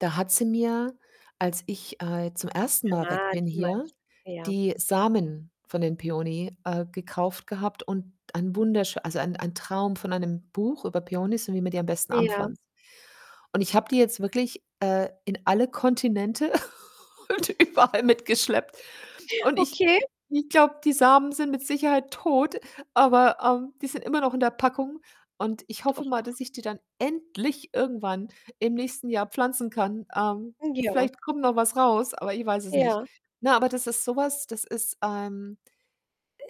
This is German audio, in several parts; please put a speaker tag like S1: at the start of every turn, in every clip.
S1: Da hat sie mir, als ich, äh, zum 1. Mal weg
S2: Ah,
S1: bin
S2: die
S1: hier,
S2: meinst du, ja.
S1: die Samen von den
S2: [unintelligible]
S1: Peony, äh, gekauft gehabt und ein wunderschö also, ein ein Traum von einem Buch über Peonys und wie man die am besten
S2: Ja.
S1: anpflanzt und ich habe die jetzt wirklich, äh, in alle Kontinente und überall mitgeschleppt und ich
S2: Okay.
S1: ich glaube, die Samen sind mit Sicherheit tot, aber, ähm, die sind immer noch in der Packung. Und ich hoffe mal,
S2: Doch.
S1: dass ich die dann endlich irgendwann im nächsten Jahr pflanzen kann. Ähm,
S2: Hm, ja.
S1: vielleicht kommt noch was raus, aber ich weiß es nicht.
S2: Ja.
S1: Ne, aber das ist so was, das ist, ähm,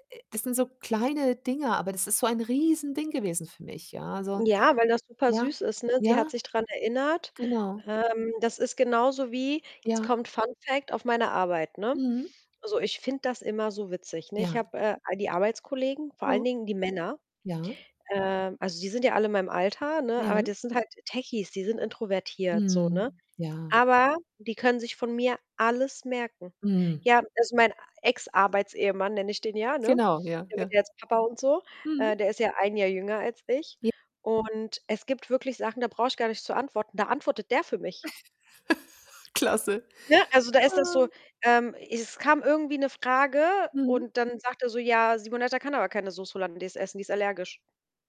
S1: äh, äh das sind so kleine Dinger, aber das ist so ein Riesending gewesen für mich, ja, also
S2: Ja, weil das
S1: ja,
S2: supersüß ist, ne? Sie hat
S1: ja.
S2: sich dran erinnert,
S1: Genau.
S2: ähm, das ist genauso wie jetzt
S1: Ja.
S2: kommt Fun-Fact auf meine Arbeit, ne?
S1: Mhm.
S2: So, ich finde das immer so witzig. Ne, ich
S1: Ja.
S2: habe, äh, all die Arbeitskollegen, vor allen
S1: Mhm.
S2: Dingen die Männer,
S1: Ja.
S2: äh also, die sind ja alle in meinem Alter, ne, aber
S1: Ja.
S2: das sind halt Techies, die sind introvertiert so, ne,
S1: Mhm, ja.
S2: aber die können sich von mir alles merken.
S1: Mhm.
S2: Ja, also, mein Ex-Arbeits-Ehemann, nenne ich den ja, ne,
S1: Genau, ja,
S2: der wird
S1: ja.
S2: ja jetzt Papa und so, äh,
S1: Mhm.
S2: der ist ja ein Jahr jünger als ich,
S1: J
S2: und es gibt wirklich Sachen, da brauche ich gar nicht zu antworten, da antwortet der für mich.
S1: Klasse.
S2: Ne, also, da ist das
S1: Ah.
S2: so, ähm es kam irgendwie 'ne Frage
S1: Mhm.
S2: und dann sagt er so: „Ja, Simonetta kann aber keine Sauce Hollandaise essen, die ist allergisch.”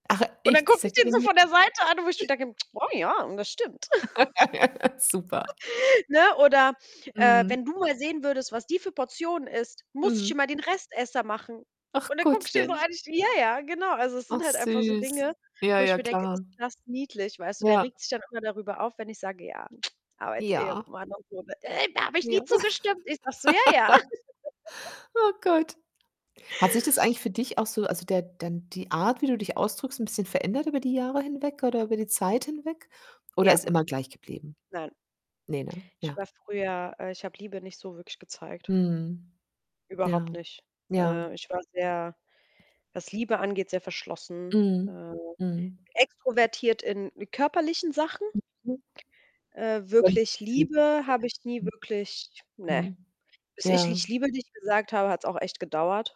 S1: Ach,
S2: Und dann
S1: ich.
S2: gucke ich den so
S1: [unintelligible]
S2: von der Seite an, wo ich schon denke: „Oh, ja, und das stimmt.”
S1: Super.
S2: Ne, oder, äh:
S1: Mhm.
S2: „Wenn du mal sehen würdest, was die für Portionen isst, musst ich
S1: Mhm.
S2: schon mal den Restesser machen.” Und
S1: Ach,
S2: dann gucke ich den so
S1: Gottchen.
S2: an ich: „Ja, ja, genau.”, also, es sind
S1: Ach
S2: halt einfach so
S1: süß.
S2: Dinge,
S1: Ja,
S2: wo ich
S1: ja,
S2: mir denke:
S1: klar.
S2: „Ist das niedlich.” Weißt du, der
S1: Ja.
S2: regt sich dann immer darüber auf, wenn ich sage: „Ja,
S1: Ja.
S2: Arbeits-Ehemann und so”, der: „da habe ich
S1: Ja.
S2: nie zugestimmt.” Ich sage so: „Ja, ja.”
S1: Oh Gott. Hat sich das eigentlich für dich auch so also, der dann die Art, wie du dich ausdrückst, 'n bisschen verändert über die Jahre hinweg oder über die Zeit hinweg? Oder
S2: Ja.
S1: ist immer gleich geblieben?
S2: Nein.
S1: Ne, ne?
S2: Ich
S1: Ja.
S2: war früher äh, ich habe Liebe nicht so wirklich gezeigt.
S1: Mhm.
S2: Überhaupt
S1: Ja,
S2: nicht.
S1: ja.
S2: Äh, ich war sehr was Liebe angeht, sehr verschlossen.
S1: Mhm,
S2: Äh,
S1: mhm.
S2: extrovertiert in körperlichen Sachen,
S1: Mhm.
S2: äh,
S1: Aber nicht mehr
S2: wirklich
S1: gefühlt.
S2: Liebe habe ich nie
S1: [unintelligible]
S2: wirklich ne.
S1: Mhm.
S2: Bis ich:
S1: Ja.
S2: „Ich liebe dich” gesagt habe, hat's auch echt gedauert.